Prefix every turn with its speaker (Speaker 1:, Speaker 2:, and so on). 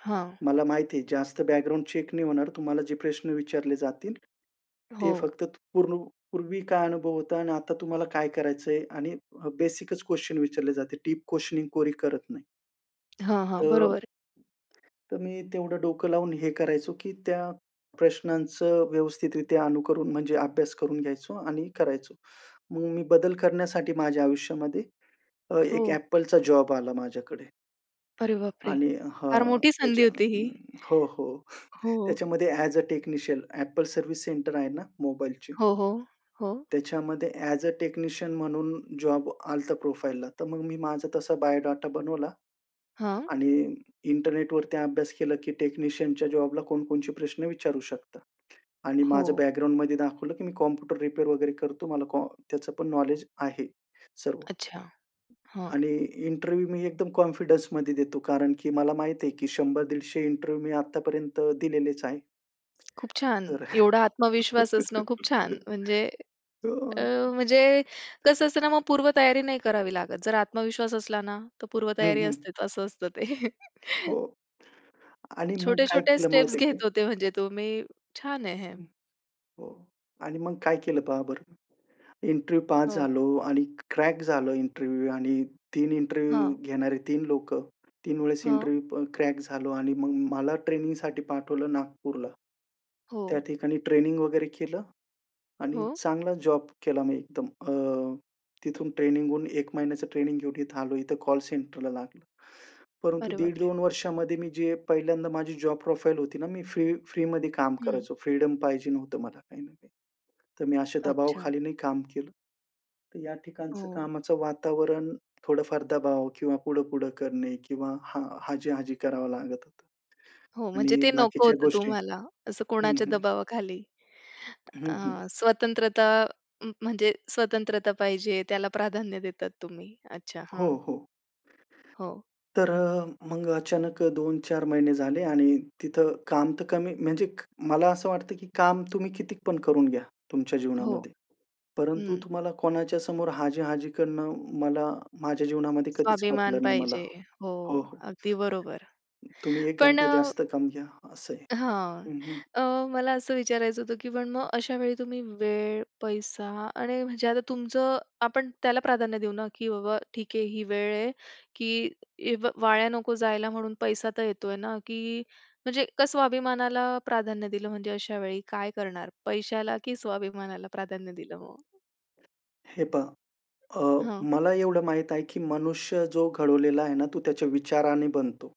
Speaker 1: हां.
Speaker 2: मला माहिती आहे जास्त बॅकग्राऊंड चेक नाही होणार. तुम्हाला जे प्रश्न विचारले जातील ते
Speaker 1: हो.
Speaker 2: फक्त पूर्ण पूर्वी काय अनुभव होता आणि आता तुम्हाला काय करायचंय आणि बेसिकच क्वेशन विचारले जाते. दीप क्वेशनिंग कोरी करत नाही.
Speaker 1: हां,
Speaker 2: त
Speaker 1: हां
Speaker 2: अ
Speaker 1: बरोबर.
Speaker 2: तर मी तेवढं डोकं लावून हे करायचो की त्या प्रश्नांचं व्यवस्थितरित्या अनुकरन म्हणजे अभ्यास करून घ्यायचो आणि करायचो. मग मी बदल करण्यासाठी माझ्या आयुष्यामध्ये अ, एक
Speaker 1: हो.
Speaker 2: Appleचा जॉब आला माझ्याकडे.
Speaker 1: अरे बाप रे!
Speaker 2: आणि
Speaker 1: फार
Speaker 2: हां
Speaker 1: मोठी संधी
Speaker 2: त्याच्या
Speaker 1: होती ही.
Speaker 2: हो हो
Speaker 1: हो.
Speaker 2: त्याच्यामध्ये as a technician Apple service centre आहे ना मोबाईलची.
Speaker 1: हो, हो, हो.
Speaker 2: त्याच्यामध्ये ॲज अ टेक्निशियन म्हणून जॉब आलं होतं प्रोफाइलला. तर मग मी माझा तसा बायोडाटा बनवला.
Speaker 1: हां.
Speaker 2: आणि इंटरनेटवरती अभ्यास केला की टेक्निशियनच्या जॉबला कोणकोणते प्रश्न विचारू शकता. आणि माझं
Speaker 1: हो.
Speaker 2: बॅकग्राऊंडमध्ये दाखवलं की मी कॉम्प्युटर रिपेअर वगैरे करतो. मला कॉम्प्युटरचं पण नॉलेज आहे सर्व.
Speaker 1: अच्छा, हां.
Speaker 2: आणि इंटरव्ह्यू मी एकदम कॉन्फिडन्समध्ये देतो कारण की मला माहिती आहे की 100-150 इंटरव्ह्यू मी आत्तापर्यंत दिलेलेच आहेत.
Speaker 1: खूप छान.
Speaker 2: तर.
Speaker 1: एवढा आत्मविश्वास असणं खूप छान म्हणजे
Speaker 2: तो.
Speaker 1: अ, म्हणजे कसं असतं ना मग पूर्वतयारी नाही करावी लागत. जर आत्मविश्वास असला ना तर
Speaker 2: हं,
Speaker 1: पूर्वतयारी
Speaker 2: हं.
Speaker 1: असतेच असं असतं ते.
Speaker 2: हो. आणि मग काय
Speaker 1: छोटे-छोटे
Speaker 2: केलं माहिती
Speaker 1: स्टेप्स
Speaker 2: आहे काय?
Speaker 1: घेत होते म्हणजे तुम्ही छान आहे हे.
Speaker 2: [unintelligible] हो आणि मग काय केलं पहा बरं. इंटरव्ह्यू पास
Speaker 1: हो.
Speaker 2: झालो आणि क्रॅक झालं इंटरव्ह्यू. आणि 3 इंटरव्ह्यू
Speaker 1: हां.
Speaker 2: घेणारे 3 लोकं. 3 वेळेस
Speaker 1: हां
Speaker 2: इंटरव्ह्यू प क्रॅक झालो आणि मग मला ट्रेनिंगसाठी पाठवलं नागपूरला. त्या
Speaker 1: हो.
Speaker 2: ठिकाणी ट्रेनिंग वगैरे केलं. आणि
Speaker 1: हो.
Speaker 2: चांगला जॉब केला मी एकदम. अ, तिथून ट्रेनिंग होऊन 1 महिन्याचं ट्रेनिंग घेऊन इथे आलो. इथं कॉल सेंटरला लागलं. परंतु
Speaker 1: अरे
Speaker 2: दीड
Speaker 1: बापरे!
Speaker 2: दोन वर्षामध्ये मी जे पहिल्यांदा माझी जॉब प्रोफाइल होती ना, मी फ्री-फ्रीमध्ये काम
Speaker 1: हं.
Speaker 2: करायचो. फ्रीडम पाहिजे होतं मला काही ना काही. तर मी असे
Speaker 1: अच्छा.
Speaker 2: दबावाखाली नाही काम केलं. तर या ठिकाणचं
Speaker 1: हो.
Speaker 2: कामाचं वातावरण थोडंफार दबाव किंवा पुढं-पुढं करणे किंवा हां, हाजी-हाजी करावं लागत होतं.
Speaker 1: हो म्हणजे
Speaker 2: आणि
Speaker 1: ते नको
Speaker 2: बाकीच्या
Speaker 1: होतं
Speaker 2: गोष्टी
Speaker 1: तुम्हाला असं
Speaker 2: हं,
Speaker 1: कोणाच्या
Speaker 2: हं.
Speaker 1: दबावाखाली
Speaker 2: हं, हं.
Speaker 1: अ, स्वतंत्रता अ, म्हणजे स्वतंत्रता पाहिजे त्याला प्राधान्य देतात तुम्ही? अच्छा
Speaker 2: हो,
Speaker 1: हां.
Speaker 2: हो.
Speaker 1: हो.
Speaker 2: तर अ, मग अचानक 2-4 महिने झाले आणि तिथं काम तर कमी म्हणजे क, मला असं वाटतं की काम तुम्ही किती पण करून घ्या तुमच्या
Speaker 1: हो.
Speaker 2: जीवनामध्ये. परंतु
Speaker 1: हं.
Speaker 2: तुम्हाला कोणाच्या समोर हाजी-हाजी करणं मला माझ्या जीवनामध्ये कधीच
Speaker 1: स्वाभिमान
Speaker 2: पटलं नाही मला
Speaker 1: पाहिजे. हो
Speaker 2: हो, हो.
Speaker 1: अगदी बरोबर.
Speaker 2: तुम्ही
Speaker 1: पण
Speaker 2: एखादं
Speaker 1: अ
Speaker 2: जास्त काम घ्या असं आहे
Speaker 1: हां.
Speaker 2: हं, हं.
Speaker 1: अ, मला असं विचारायचं होतं की पण मग अशा वेळी तुम्ही वेळ, पैसा आणि म्हणजे आता तुमचं आपण त्याला प्राधान्य देऊ ना की बाबा ठीक आहे ही वेळ आहे की वाया नको जायला म्हणून पैसा तर येतोय ना की म्हणजे का स्वाभिमानाला प्राधान्य दिलं म्हणजे अशा वेळी काय करणार पैशाला की स्वाभिमानाला प्राधान्य दिलं मग?
Speaker 2: हे पहा, अ,
Speaker 1: हं.
Speaker 2: मला एवढं माहीत आहे की मनुष्य जो घडवलेला आहे ना तो त्याच्या विचाराने बनतो.